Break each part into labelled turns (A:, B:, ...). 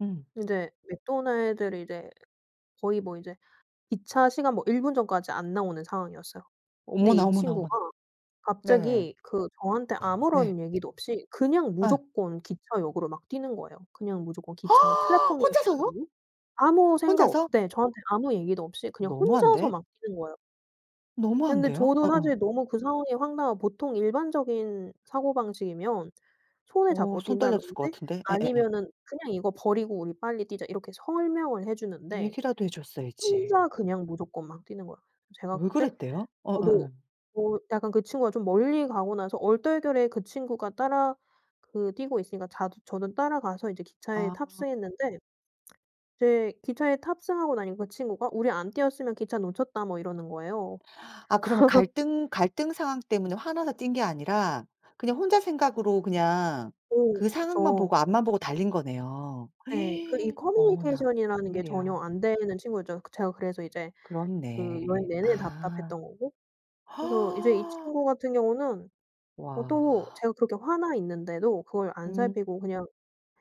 A: 음.
B: 인제 맥도날드를 이제 거의 뭐 이제 기차 시간 뭐 1 분 전까지 안 나오는 상황이었어요. 근데
A: 어머나,
B: 이
A: 어머나, 어머나.
B: 친구가
A: 네.
B: 갑자기 그 저한테
A: 네.
B: 아무런 얘기도 없이 그냥
A: 예.
B: 무조건 기차역으로 막 뛰는 거예요. 그냥 무조건 기차
A: 혼자서요?
B: 플랫폼이었었거든요? 아무 생각 없
A: 혼자서?
B: 네. 저한테 아무 얘기도 없이 그냥 혼자서
A: 너무한데.
B: 막 뛰는 거예요. 근데
A: 너무한데요.
B: 저도
A: 어어.
B: 사실 너무 그 상황이 황당한 보통 일반적인 사고방식이면 손을
A: 어
B: 잡고
A: 손 떨렸을 것
B: 뛴다든지
A: 같은데. 예예예.
B: 아니면은 "그냥 이거 버리고 우리 빨리 뛰자." 이렇게 설명을 해 주는데
A: 얘기라도 해 줬어야지.
B: 혼자 그냥 무조건 막 뛰는 거야. 제가
A: 왜
B: 그때
A: 그랬대요? 어
B: 저도
A: 예예.
B: 뭐 약간 그 친구가 좀 멀리 가고 나서 얼떨결에 그 친구가 따라 그 뛰고 있으니까 자도 저는 따라가서 이제 기차에
A: 아.
B: 탑승했는데 이제 기차에 탑승하고 나니 그 친구가 "우리 안 뛰었으면 기차 놓쳤다." 뭐 이러는 거예요.
A: 아 그러면 갈등 갈등 상황 때문에 화나서 뛴 게 아니라 그냥 혼자 생각으로 그냥
B: 어
A: 그 상황만
B: 그쵸.
A: 보고 앞만 보고 달린 거네요.
B: 예. 그 이
A: 어머나
B: 커뮤니케이션이라는 게 전혀
A: 웬일이야.
B: 안 되는 친구였죠. 그 제가 그래서 이제 그 여행
A: 그렇네.
B: 내내
A: 아.
B: 답답했던 거고. 그래서 이제 이 친구 같은 경우는 어 또
A: 와.
B: 제가 그렇게 화나 있는데도 그걸 안
A: 음.
B: 살피고 그냥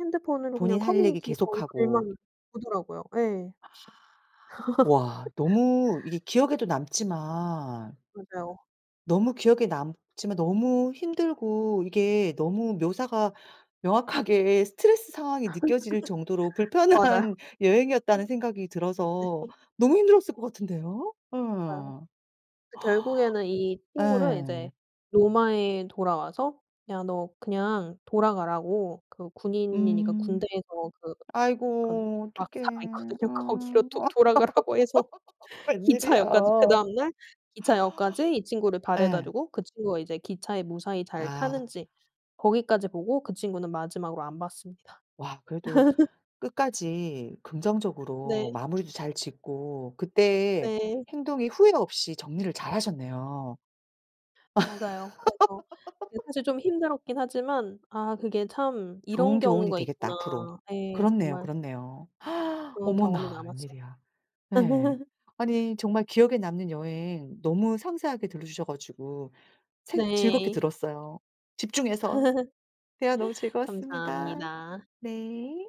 B: 핸드폰으로 그냥
A: 본인 할 얘기
B: 커뮤니티 거기
A: 계속하고
B: 글만 보더라고요. 예.
A: 와. 너무 이게 기억에도 남지만
B: 맞아요.
A: 너무 기억에 남지만 너무 힘들고 이게 너무 묘사가 명확하게 '스트레스 상황이 느껴질 정도로
B: 맞아요.
A: 불편한 여행이었다.'는 생각이 들어서
B: 네.
A: 너무 힘들었을 것 같은데요.
B: 아요.
A: 예.
B: 그 결국에는 이 친구를
A: 예.
B: 이제 로마에 돌아와서 "야 너 그냥 돌아가."라고 그 군인이니까
A: 음.
B: 군대에서 그 근
A: 아이고
B: 막사가
A: 어떡해.
B: 있거든요. 거기로
A: 어
B: 도 돌아가라고 해서
A: 웬일이야.
B: 기차역까지 그다음 날 기차역까지 이 친구를
A: 예.
B: 바래다주고 그 친구가 이제 기차에 무사히 잘
A: 아.
B: 타는지 거기까지 보고 그 친구는 마지막으로 안 봤습니다.
A: 와 그래도 끝까지 긍정적으로
B: 네.
A: 마무리도 잘 짓고 그때의
B: 네.
A: 행동이 후회 없이 정리를 잘하셨네요.
B: 맞아요. 그래서 네 사실 좀 힘들었긴 하지만 아 그게 참
A: 좋은
B: '이런
A: 교훈이
B: 경우가
A: 되겠다,
B: 있구나.'
A: 앞으로.
B: 네.
A: 그렇네요,
B: 정말
A: 그렇네요.
B: 그런 경험이
A: 어머나
B: 남았어
A: 웬일이야. 네. 아니 정말 기억에 남는 여행 너무 상세하게 들려주셔 가지고 생 즐겁게
B: 네.
A: 들었어요, 집중해서. 대화 너무 즐거웠습니다.
B: 감사합니다.
A: 네.